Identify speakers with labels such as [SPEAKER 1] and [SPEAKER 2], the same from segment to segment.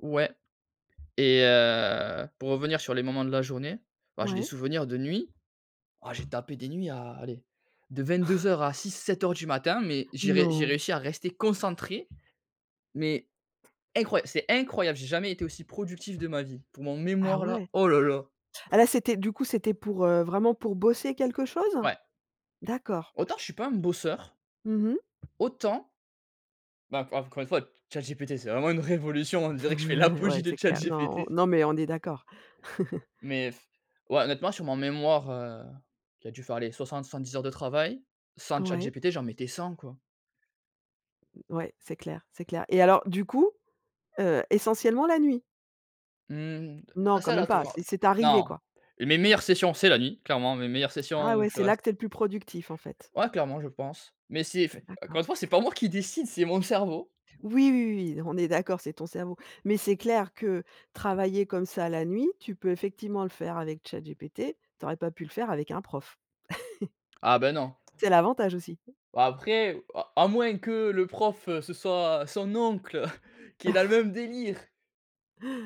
[SPEAKER 1] Ouais. Et, heu, pour revenir sur les moments de la journée, bah, j'ai des
[SPEAKER 2] Ouais.
[SPEAKER 1] souvenirs de nuit. Ah, j'ai tapé des nuits à, allez, de 22:00 à 6-7:00 du matin mais, j'ai ré j'ai
[SPEAKER 2] Non?
[SPEAKER 1] réussi à rester concentré. Mais, incroya c'est incroyable, j'ai jamais été aussi productif de ma vie, pour mon
[SPEAKER 2] Ah
[SPEAKER 1] mémoire là,
[SPEAKER 2] ouais?
[SPEAKER 1] oh là là!
[SPEAKER 2] Ah, là, c'était, du coup, c'était pour, heu, vraiment pour bosser quelque chose?
[SPEAKER 1] Ouais.
[SPEAKER 2] D'accord.
[SPEAKER 1] Autant je suis pas un bosseur
[SPEAKER 2] Mmh mh.
[SPEAKER 1] autant ben en encore une fois, Chat GPT c'est vraiment une révolution. On dirait que je fais
[SPEAKER 2] Ouais,
[SPEAKER 1] l'apologie de
[SPEAKER 2] c'est
[SPEAKER 1] Chat
[SPEAKER 2] clair. Non,
[SPEAKER 1] GPT.
[SPEAKER 2] on non, mais on est d'accord.
[SPEAKER 1] Mais ouais, honnêtement sur mon mémoire, heu, qui a dû faire, allez, 60-70 heures de travail. Sans Chat
[SPEAKER 2] Ouais.
[SPEAKER 1] GPT, j'en mettais 100, quoi.
[SPEAKER 2] Ouais, c'est clair, c'est clair. Et alors, du coup, heu, essentiellement la nuit?
[SPEAKER 1] Mmh mh, c'est
[SPEAKER 2] Non, quand
[SPEAKER 1] assez
[SPEAKER 2] même pas.
[SPEAKER 1] aléatoire.
[SPEAKER 2] C'est c'est arrivé,
[SPEAKER 1] Non,
[SPEAKER 2] quoi.
[SPEAKER 1] mes mes meilleures sessions, c'est la nuit, clairement mes meilleures sessions
[SPEAKER 2] Ah
[SPEAKER 1] où
[SPEAKER 2] ouais,
[SPEAKER 1] je
[SPEAKER 2] c'est là
[SPEAKER 1] reste
[SPEAKER 2] que tu es le plus productif en fait?
[SPEAKER 1] Ouais, clairement, je pense, mais c'est f
[SPEAKER 2] D'accord.
[SPEAKER 1] encore une fois, c'est pas moi qui décide, c'est mon cerveau.
[SPEAKER 2] Oui, oui, oui, oui, on est d'accord, c'est ton cerveau. Mais c'est clair que, travailler comme ça la nuit, tu peux effectivement le faire avec Chat GPT, tu aurais pas pu le faire avec un prof.
[SPEAKER 1] Ah, beh, non.
[SPEAKER 2] C'est l'avantage, aussi.
[SPEAKER 1] Après, à à moins que le prof, heu, ce soit son oncle, heu, qui est dans le même délire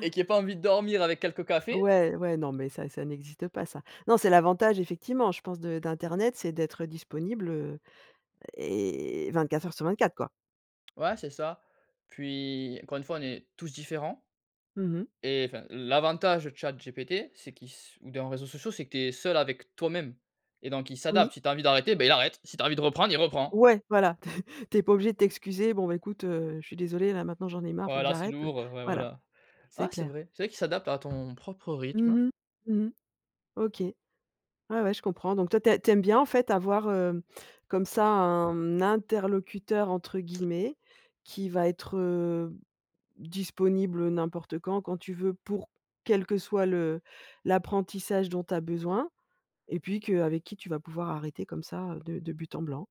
[SPEAKER 1] et qui ait pas envie de dormir, avec quelques cafés.
[SPEAKER 2] Ouais, ouais. Non mais ça, ça n'existe pas, ça. Non, c'est l'avantage, effectivement, je pense, de d'internet, c'est d'être disponible, heu, et 24 heures sur 24, quoi.
[SPEAKER 1] Ouais, c'est ça. Puis, encore une fois, on est tous différents.
[SPEAKER 2] Mmh mh.
[SPEAKER 1] Et, enfin, l'avantage de chat GPT, c'est qu'il s ou d'un réseaux sociaux, c'est que tu es seul avec toi-même et donc il
[SPEAKER 2] Oui.
[SPEAKER 1] s'adapte. Si tu as envie d'arrêter, ben, il arrête, si tu as envie de reprendre, il reprend.
[SPEAKER 2] Ouais, voilà, t tu es pas obligé de t'excuser: «Bon ben écoute, heu, je suis désolé, là maintenant j'en ai marre, il faut que
[SPEAKER 1] Voilà, c'est
[SPEAKER 2] j'arrête».
[SPEAKER 1] lourd, heu, ouais,
[SPEAKER 2] Voilà,
[SPEAKER 1] voilà.
[SPEAKER 2] c'est
[SPEAKER 1] Ah, c'est
[SPEAKER 2] clair.
[SPEAKER 1] vrai c'est vrai qu'il s'adapte à ton propre rythme.
[SPEAKER 2] Mmh mh, mmh mh. OK. Ouais, ouais, je comprends. Donc toi tu tu aimes bien, en fait, avoir, heu, comme ça, «un interlocuteur», entre guillemets, qui va être, heu, disponible n'importe quand, quand tu veux pour quel que soit le l'apprentissage dont tu as besoin, et puis que avec qui tu vas pouvoir arrêter comme ça, heu, de de but en blanc.